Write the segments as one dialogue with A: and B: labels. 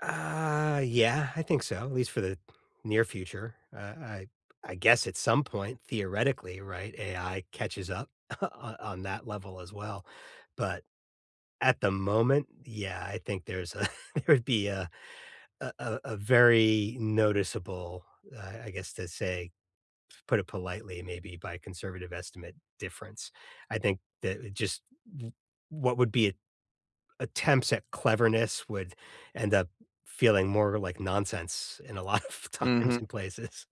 A: Uh, yeah, I think so, at least for the near future, uh, I I guess at some point, theoretically, right, AI catches up on on that level, as well, but, at the moment, yeah, I think there's a there would be a a a a very noticeable, I I guess, to say, to put it politely, maybe by conservative estimate, difference, I think that it just w what would be a attempts at cleverness would end up feeling more like nonsense in a lot of times
B: Mhm.
A: and places.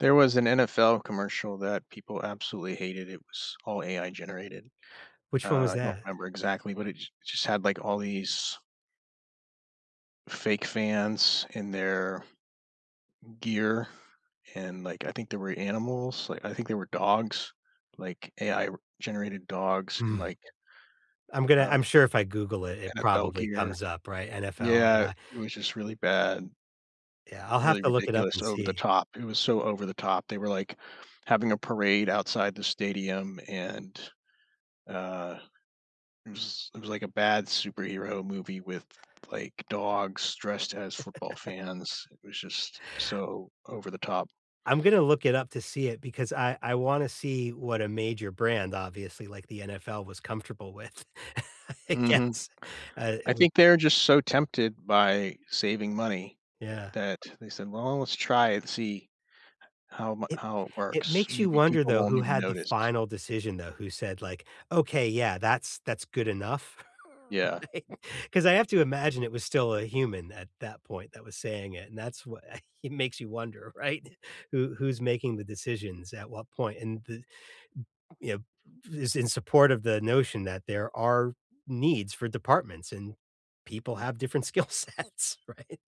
B: There was an NFL commercial that people absolutely hated, it was all AI generated,
A: Which one was
B: uh, I don't
A: that?
B: remember exactly, but it j just had, like, all these fake fans in their gear, and, like, I think there were animals, like, I think there were dogs, like AI r generated dogs in,
A: Mm.
B: like
A: I'm gonna
B: uh
A: I'm sure if I Google it, it
B: NFL
A: probably
B: gear.
A: comes up, right, NFL
B: Yeah,
A: AI
B: it was just really bad.
A: Yeah, I'll have
B: Really
A: to look it up
B: ridiculous,
A: and
B: over the
A: see.
B: top, it was so over the top, they were, like, having a parade outside the stadium and, uh, it was it was like a bad superhero movie with, like, dogs dressed as football fans, it was just so over the top.
A: I'm gonna look it up to see it, because I I wanna see what a major brand, obviously, like the NFL was comfortable with, I
B: Mhm,
A: guess, uh,
B: I
A: with
B: think they're just so tempted by saving money
A: Yeah.
B: that they said, "Well, let's try and see how mu
A: It
B: how it
A: it
B: works,
A: makes you
B: maybe
A: wonder,
B: people
A: though,
B: won't
A: who
B: even
A: had the
B: notice."
A: final decision, though, who said, like, "Okay, yeah, that's that's good enough."
B: Yeah.
A: Right? 'Cause I have to imagine it was still a human at that point that was saying it, and that's what i it makes you wonder, right? Who who's making the decisions at what point, and th you know, if is in support of the notion that there are needs for departments and people have different skill sets, right?